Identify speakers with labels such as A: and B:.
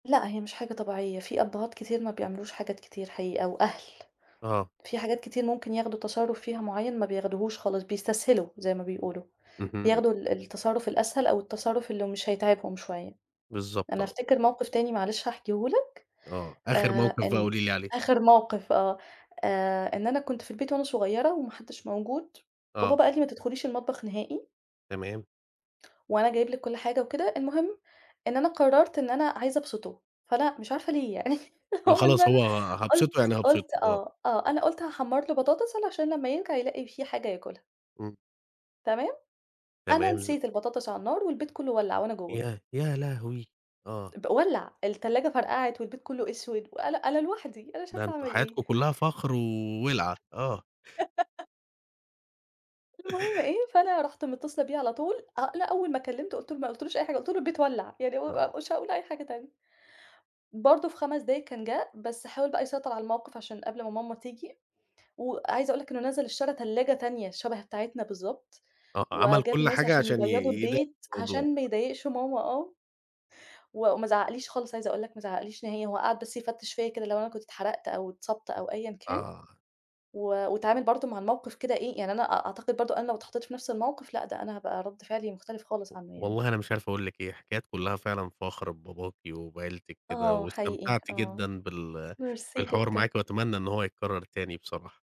A: لأ هي مش حاجة طبيعية، في أبهات كتير ما بيعملوش حاجات كتير حقيقة، وأهل،
B: آه.
A: في حاجات كتير ممكن ياخدوا تصرف فيها معيّن ما بياخدوهوش خالص، بيستسهلوا زي ما بيقولوا،
B: اهم.
A: بياخدوا ال التصرف الأسهل أو التصرف اللي مش هيتعبهم شوية.
B: بالضبط
A: أنا
B: آه.
A: أفتكر موقِف تاني معلش هاحكيهُ لك،
B: آه، آخر
A: آآ،
B: موقِف بقى
A: إن
B: قولي لي عليه.
A: آخر موقِف، آه، آآ، إن أنا كنت في البيت وأنا صغيرة وما حدش موجود
B: آه.
A: وبابا قال لي ما تدخليش المطبخ نهائي
B: تمام.
A: وأنا جايب لِك كل حاجة وكده. المهم إن أنا قررت إن أنا عايزة أبسطه، فلأ مش عارفة ليه يعني
B: ما
A: هو إن
B: خلاص
A: أنا
B: هو هابسطه
A: قلت
B: يعني هابسطه،
A: قلت
B: آه.
A: آه، آه أنا قلت هاحمَر له بطاطس علشان لمّا يرجع يلاقي في حاجة ياكلها.
B: إمم.
A: تمام؟ أنا
B: تمام ز
A: نسيت البطاطس على النار والبيت كله ولّع وأنا جوه.
B: ياه! يا لهوي! آه.
A: ب ولّع التلاجة فرقعت والبيت كله أسود وأنا أنا لوحدي أنا مش
B: ده
A: عارفة
B: أنتم
A: أعمل إيه.
B: حياتكم كلها فخر و ولعة آه.
A: المهم إيه، فأنا رُحت متصلة بيه على طول أ أنا أول ما كلمته قُلت له ما قُلتلوش أي حاجة، قُلت له البيت ولّع، يعني
B: آه.
A: هو مش هاقول أي حاجة تانية. برضه في 5 دقايق كان جا، بس حاول بقى يسيطر على الموقِف؛ عشان قبل ما ماما تيجي. وعايزة أقول لك إنه نزل اشترى تلاجة تانية شَبَه بتاعتنا بالضبط
B: آه عمل
A: وجاب
B: كل
A: ناس
B: حاجة
A: عشان
B: عشان ي
A: يبيضوا
B: يدا
A: البيت؛
B: الموضوع.
A: عشان ما يضايقش ماما آه. وما زعقليش خالص، عايزة أقول لك ما زعقليش نهائي، هو قعد بس يفتش فيّا كده لو أنا كنت اتحرقت أو اتصابت أو أيًا كان،
B: آه.
A: و واتعامل برضه مع الموقِف كده إيه، يعني أنا أ أعتقد برضه أنا لو اتحطيت في نفس الموقِف لأ ده أنا هابقى رد فعلي مختلف
B: و
A: خالص عنه يعني.
B: والله أنا مش عارف أقول لِك إيه، حكايات كلها فعلًا فخر بباباكِ وبعيلتِك كده
A: آه حقيقي
B: واستمتعت
A: آه
B: جدًا بال
A: Merci
B: بالحوار
A: جدًا.
B: معاكِ وأتمنى إن هو يتكرر تاني بصراحة.